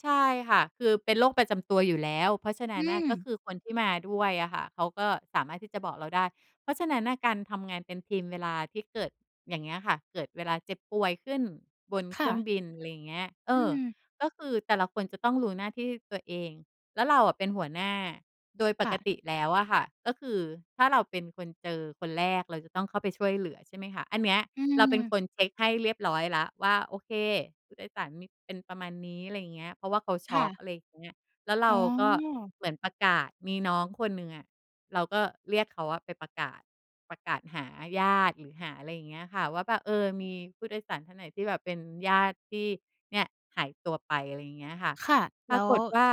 ใช่ค่ะ คือเป็นโรคประจำตัวอยู่แล้ว เพราะฉะนอัื้นน่ะ ก็ม คือคนที่มาด้วยอะค่ะ เขาก็สามารถที่จะบอกเราได้ เพราะฉะนั้นน่ะ การทำงานเป็นทีมเวลาที่เกิดอย่างเงี้ยค่ะ เกิดเวลาเจ็บป่วยขึ้นบนคเค่รื่องะ บิน อะไรอย่างเงี้ย เออือ ม ก็คือแต่ละคนจะต้องรู้หน้าที่ตัวเอง แล้วเราอะเป็นหัวหน้า โดยปค่กะ ติแล้วอะค่ะ ก็คือถ้าเราเป็นคนเจอคนแรก เราจะต้องเข้าไปช่วยเหลือใช่ไหมคะ อันเนี้ยอืเราเป็นม คนเช็กให้เรียบร้อยแล้วว่า โอเค ผู้โดยสารมี เป็นประมาณนี้ อะไรอย่างเงี้ย เพราะว่าเขาชค็่อะ ก อะไรอย่างเงี้ย แล้วเรอ๋าก็อ เหมือนประกาศ มีน้องคนหนึ่งอะ เราก็เรียกเขาอะไปประกาศ ประกาศหาญาติ หรือหาอะไรอย่างเงี้ยค่ะว่า แบบ เออ มีผู้โดยสารท่านไหนที่แบบเป็นญาติที่เนี่ยหายตัวไป อะไรอย่างเงี้ยค่ะ ค่ะ ปแล้ราวกฏว่า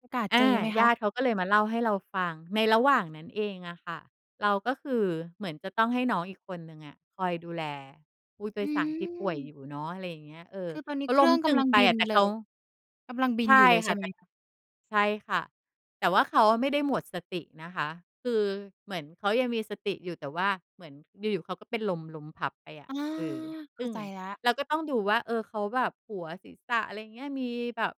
ประกาศอเจอา ไหมคญาะ? ติเขาก็เลยมาเล่าให้เราฟังในระหว่างนั้นเองอะค่ะ เราก็คือเหมือนจะต้องให้น้องอีกคนหนึ่งอะ คอยดูแลผู้โดอืยสารที่ป่วยอม ยู่เนาะ อะไรอย่างเงี้ย เออ คือตอนนีเข้าเคลร้ื่มองกตึำงลังไปบิอนะ แต่เเลขา ย กำลังบิในชอยู่่เลยคใช่่ะ ไแหมต่ คะ? ใช่ค่ะ แต่ว่าเขาอะไม่ได้หมดสตินะคะ คือเหมือนเขายังมีสติอยู่ แต่ว่าเหมือนอยู่ ๆ เขาก็เป็นลมล้มพับไปออะ า เออ เขซ้ึา่งใจแล้ว เราก็ต้องดูว่า เออ เขาแบบหัว ศีรษะ อะไรอย่างเงี้ย มีแบบ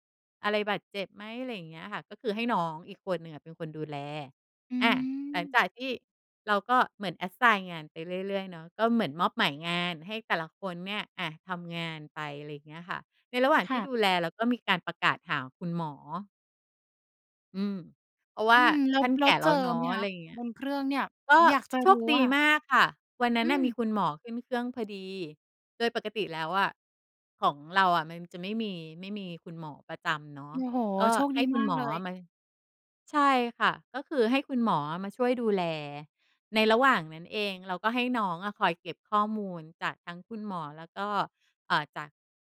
อะไรบาดเจ็บไหม อะไรอย่างเงี้ยค่ะ ก็คือให้น้องอีกคนหนึ่งอะเป็นคนดูแล อือา หลังม จากที่เราก็เหมือน Assign งานไปเรื่อย ๆ เนาะ ก็เหมือนมอบหมายงานให้แต่ละคนเนี่ย อะ ทำงานไป อะไรอย่างเงี้ยค่ะ ในระหว่างคที่่ะ ดูแลเราก็มีการประกาศหาคุณหมอ อืม เพราะวอื่าม แล้ทว ่านแลแก้ว่เแลจ้อวเนาไหมะ อคะะ? ไรอย่างเงี้บย นเครื่องเนี่ย ก็อยากจะโชรูค้ดอีะค่ะ มากค่ะ วันนั้อืนน่ะมีม คุณหมอขึ้นเครื่องพอดี โดยปกติแล้วอะ ของเราอะมันจะไม่มี ไม่มีคุณหมอประจำเนาะ โอ้โฮ! ก็โชคใหด้ีคุมณาหกมอเลอย ะมา ใช่ค่ะ ก็คือให้คุณหมออะมาช่วยดูแล ในระหว่างนั้นเอง เราก็ให้น้องอะคอยเก็บข้อมูลจากทั้งคุณหมอ แล้วก็ อ่า จากญาติข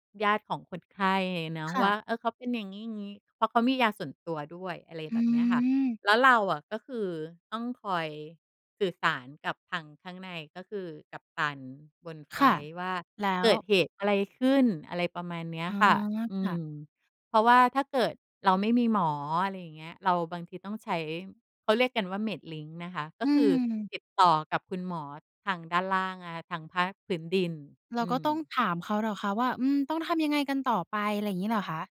องคนไข้เนาะค่ว่ะ า เออ เขาเป็นอย่างงี้ ๆ เพราะเขามียาส่วนตัวด้วย อะไรอืแบบเนี้ยค่ะ ม แล้วเราอะก็คือต้องคอยสื่อสารกับทางข้างใน ก็คือกัปตันบนไฟคล่ะ ต์ว่า แล้เกว ิดเหตุอะไรขึ้น อะไรประมาณเนี้ยอ๋อ ค่ะ อืค่ะ ม เพราะว่าถ้าเกิดเราไม่มีหมอ อะไรอย่างเงี้ย เราบางทีต้องใช้ เขาเรียกกันว่า "Medlink" นะคะ กอ็ืคือม ติดต่อกับคุณหมอทางด้านล่างนะคะ ทางภาคพื้นดิน เราอืก็ต้องม ถามเขาเหรอคะว่า อืม ต้องทำยังไงกันต่อไป อะไรอย่างงี้เหรอคะ?